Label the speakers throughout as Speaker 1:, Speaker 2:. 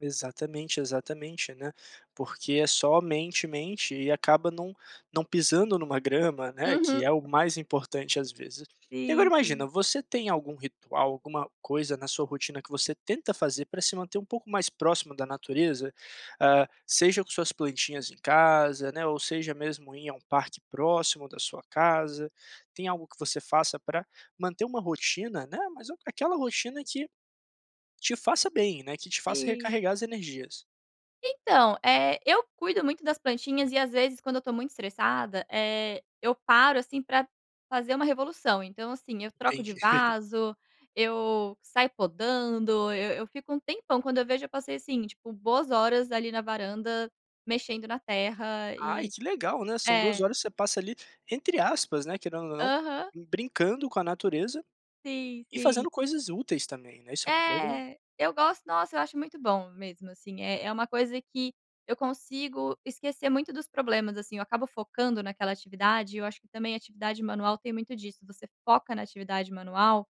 Speaker 1: Exatamente, exatamente, né, porque é somente, mente e acaba não não pisando em uma grama, né, que
Speaker 2: Uhum.
Speaker 1: é o mais importante às vezes. E agora
Speaker 2: Sim,
Speaker 1: imagina,
Speaker 2: sim.
Speaker 1: você tem algum ritual, alguma coisa na sua rotina que você tenta fazer para se manter mais próximo da natureza? Hã, seja com suas plantinhas em casa, né, ou seja mesmo ir a um parque próximo da sua casa, tem algo que você faça para manter um rotina, né, mas aquela rotina que, te faça bem, né, que te faça
Speaker 2: Sim.
Speaker 1: recarregar as energias.
Speaker 2: Então, eh, eu cuido muito das plantinhas e às vezes quando eu estou muito estressada, eh, eu paro assim para fazer uma revolução, então assim eu troco de
Speaker 1: Entendi.
Speaker 2: vaso, eu saio podando, eu eu fico um tempão, quando eu vejo eu passei assim tipo boas horas ali na varanda mexendo na terra
Speaker 1: Ai
Speaker 2: e
Speaker 1: que legal, né, são 2
Speaker 2: é.
Speaker 1: horas você passa ali, entre aspas, né, querendo ou não,
Speaker 2: Aham.
Speaker 1: brincando com a natureza
Speaker 2: Sim,
Speaker 1: e
Speaker 2: sim.
Speaker 1: fazendo coisas úteis também, né, isso é muito legal.
Speaker 2: É, eu gosto, nossa eu acho muito bom mesmo assim é é uma coisa que eu consigo esquecer muito dos problemas assim eu acabo focando naquela atividade e eu acho que também atividade manual tem muito disso, você foca na atividade manual,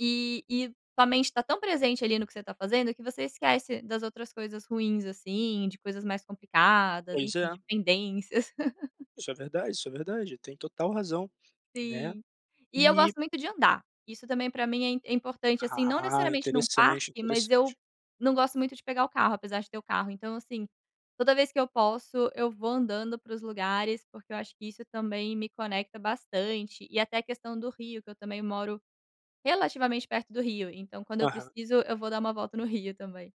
Speaker 2: e e tua mente está tão presente ali no que você está fazendo, que você esquece das outras coisas ruins, assim de coisas mais complicadas,
Speaker 1: Pois
Speaker 2: enfim
Speaker 1: é.
Speaker 2: de pendências.
Speaker 1: Isso é verdade, isso é verdade, tem total razão, né?
Speaker 2: Sim, e eu gosto
Speaker 1: E
Speaker 2: muito de andar, isso também para mim é é importante assim, não
Speaker 1: Ah,
Speaker 2: necessariamente em um
Speaker 1: interessante,
Speaker 2: parque, mas eu
Speaker 1: interessante.
Speaker 2: não gosto muito de pegar o carro, apesar de ter o carro então assim, toda vez que eu posso eu vou andando para os lugares, porque eu acho que isso também me conecta bastante e até a questão do rio que eu também moro relativamente perto do rio, então quando eu
Speaker 1: Aham.
Speaker 2: preciso eu vou dar uma volta no rio também.